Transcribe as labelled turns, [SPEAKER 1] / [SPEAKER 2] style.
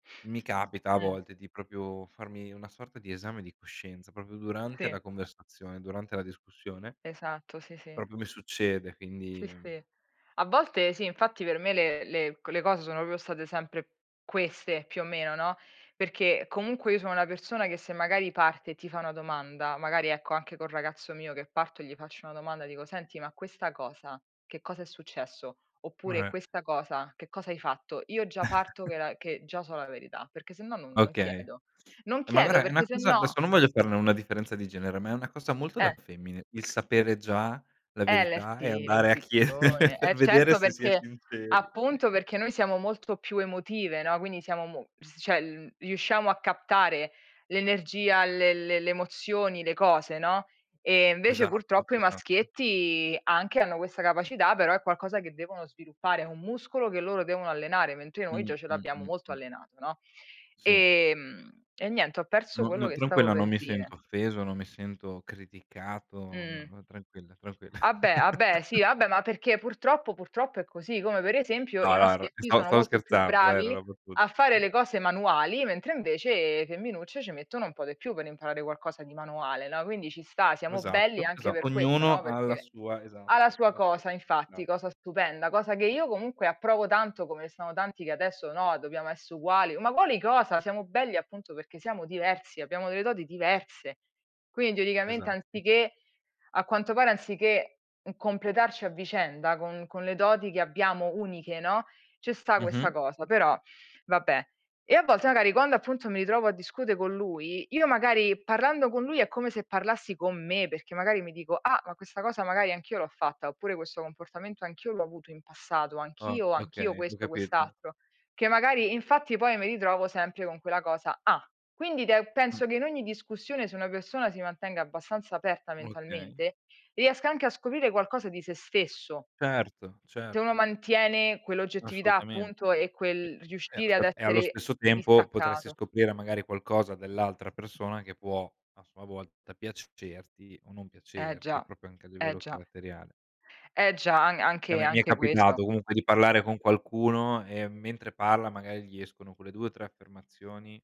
[SPEAKER 1] Mi capita a
[SPEAKER 2] Uhm.
[SPEAKER 1] volte di proprio farmi una sorta di esame di coscienza, proprio durante
[SPEAKER 2] Sì.
[SPEAKER 1] la conversazione, durante la discussione
[SPEAKER 2] Esatto, sì sì.
[SPEAKER 1] proprio mi succede
[SPEAKER 2] Sì,
[SPEAKER 1] quindi
[SPEAKER 2] sì. A volte, sì, infatti, per me, le le c le cose sono proprio state sempre queste, più o meno, no, perché comunque io sono una persona che se magari parte e ti fa una domanda. Magari, ecco, anche col ragazzo mio che parto, gli faccio una domanda, dico: “Senti, ma questa cosa, che cosa è successo?”. Oppure:
[SPEAKER 1] Eh.
[SPEAKER 2] “Questa cosa, che cosa hai fatto?”. Io già parto che la che già so la verità, perché sennò non non
[SPEAKER 1] Okay.
[SPEAKER 2] chiedo. Non
[SPEAKER 1] Ma
[SPEAKER 2] chiedo,
[SPEAKER 1] guarda è
[SPEAKER 2] perché
[SPEAKER 1] una cosa
[SPEAKER 2] sennò
[SPEAKER 1] adesso non voglio farne una differenza di genere, ma è una cosa molto da
[SPEAKER 2] Eh
[SPEAKER 1] femmine, il sapere già la
[SPEAKER 2] è
[SPEAKER 1] verità e
[SPEAKER 2] l'isti
[SPEAKER 1] andare a chiedere
[SPEAKER 2] l'intuizione.
[SPEAKER 1] per
[SPEAKER 2] Eh
[SPEAKER 1] vedere
[SPEAKER 2] certo,
[SPEAKER 1] se si è
[SPEAKER 2] perché
[SPEAKER 1] sinceri.
[SPEAKER 2] appunto, perché noi siamo molto più emotive, no, quindi, siamo, mo cioè, l riusciamo a captare l'energia, le le le emozioni, le cose, no, e invece,
[SPEAKER 1] Esatto,
[SPEAKER 2] purtroppo, i
[SPEAKER 1] esa
[SPEAKER 2] maschietti anche hanno questa capacità, però è qualcosa che devono sviluppare, è un muscolo che loro devono allenare, mentre noi
[SPEAKER 1] Mh,
[SPEAKER 2] già ce
[SPEAKER 1] mh,
[SPEAKER 2] l'abbiamo
[SPEAKER 1] mh,
[SPEAKER 2] molto
[SPEAKER 1] mh.
[SPEAKER 2] allenato, no,
[SPEAKER 1] Sì.
[SPEAKER 2] ehm, e niente, ho perso
[SPEAKER 1] No,
[SPEAKER 2] quello
[SPEAKER 1] no.
[SPEAKER 2] che stavo
[SPEAKER 1] Tranquilla non
[SPEAKER 2] per
[SPEAKER 1] mi
[SPEAKER 2] dire.
[SPEAKER 1] sento offeso, non mi sento criticato, no,
[SPEAKER 2] Uhm
[SPEAKER 1] no, tranquilla, tranquilla.
[SPEAKER 2] Vabbè, vabbè, sì, vabbè, ma perché, purtroppo purtroppo, è così, come, per esempio, i
[SPEAKER 1] No, no, er
[SPEAKER 2] maschietti
[SPEAKER 1] stavo
[SPEAKER 2] sono
[SPEAKER 1] stavo
[SPEAKER 2] molto più
[SPEAKER 1] scherzando dai, era
[SPEAKER 2] bravi
[SPEAKER 1] roba [unintelligible]
[SPEAKER 2] a fare le cose manuali, mentre, invece, femminucce ci mettono un po' di più per imparare qualcosa di manuale, no, quindi, ci sta, siamo belli
[SPEAKER 1] Esatto,
[SPEAKER 2] anche
[SPEAKER 1] esa
[SPEAKER 2] per questo,
[SPEAKER 1] ognuno,
[SPEAKER 2] no,
[SPEAKER 1] ha la
[SPEAKER 2] perché
[SPEAKER 1] sua
[SPEAKER 2] ha la
[SPEAKER 1] esatto ha
[SPEAKER 2] sua
[SPEAKER 1] la sua
[SPEAKER 2] cosa, infatti,
[SPEAKER 1] [unintelligible]
[SPEAKER 2] cosa stupenda, cosa che io, comunque, approvo tanto, come sono tanti che adesso: “No, dobbiamo uguali”. Ma quali cosa? Siamo belli, appunto, perché siamo diversi, abbiamo delle doti diverse. Quindi, teoricamente,
[SPEAKER 1] Esatto.
[SPEAKER 2] anziché a quanto pare, anziché completarci a vicenda con con le doti che abbiamo uniche, no, ci sta questa
[SPEAKER 1] Mh-mh.
[SPEAKER 2] cosa, però, vabbè. E, a volte, magari quando, appunto, mi ritrovo a discutere con lui io magari parlando con lui, è come se parlassi con me, perché, magari, mi dico: “Ah, ma questa cosa, magari, anch'io l'ho fatta. Oppure, questo comportamento, anch'io l'ho avuto in passato.
[SPEAKER 1] Ah,
[SPEAKER 2] Anch'io, anch'io,
[SPEAKER 1] okay, ho
[SPEAKER 2] questo,
[SPEAKER 1] capito.
[SPEAKER 2] quest'altro”. Che, magari, infatti, poi, mi ritrovo sempre con quella cosa: "Ah!". Quindi,
[SPEAKER 1] Uhm.
[SPEAKER 2] penso che, in ogni discussione, se una persona si mantenga abbastanza aperta
[SPEAKER 1] Okay.
[SPEAKER 2] mentalmente, riesca anche a scoprire qualcosa di se stesso.
[SPEAKER 1] Certo,
[SPEAKER 2] Se uno
[SPEAKER 1] certo.
[SPEAKER 2] mantiene quell'oggettività,
[SPEAKER 1] Assolutamente.
[SPEAKER 2] appunto, e
[SPEAKER 1] E
[SPEAKER 2] quel
[SPEAKER 1] e
[SPEAKER 2] riuscire ad
[SPEAKER 1] aspetta, e, allo
[SPEAKER 2] essere
[SPEAKER 1] stesso tempo, potresti
[SPEAKER 2] distaccato.
[SPEAKER 1] scoprire, magari, qualcosa dell'altra persona che può, a sua volta, piacerti o non
[SPEAKER 2] Eh
[SPEAKER 1] piacerti
[SPEAKER 2] già,
[SPEAKER 1] proprio, anche a
[SPEAKER 2] eh
[SPEAKER 1] livello
[SPEAKER 2] già,
[SPEAKER 1] caratteriale
[SPEAKER 2] eh già, an
[SPEAKER 1] che a
[SPEAKER 2] anche
[SPEAKER 1] me, mi è
[SPEAKER 2] anche questo.
[SPEAKER 1] capitato, comunque, di parlare con qualcuno e, mentre parla, magari, gli escono quelle 2, 3 affermazioni.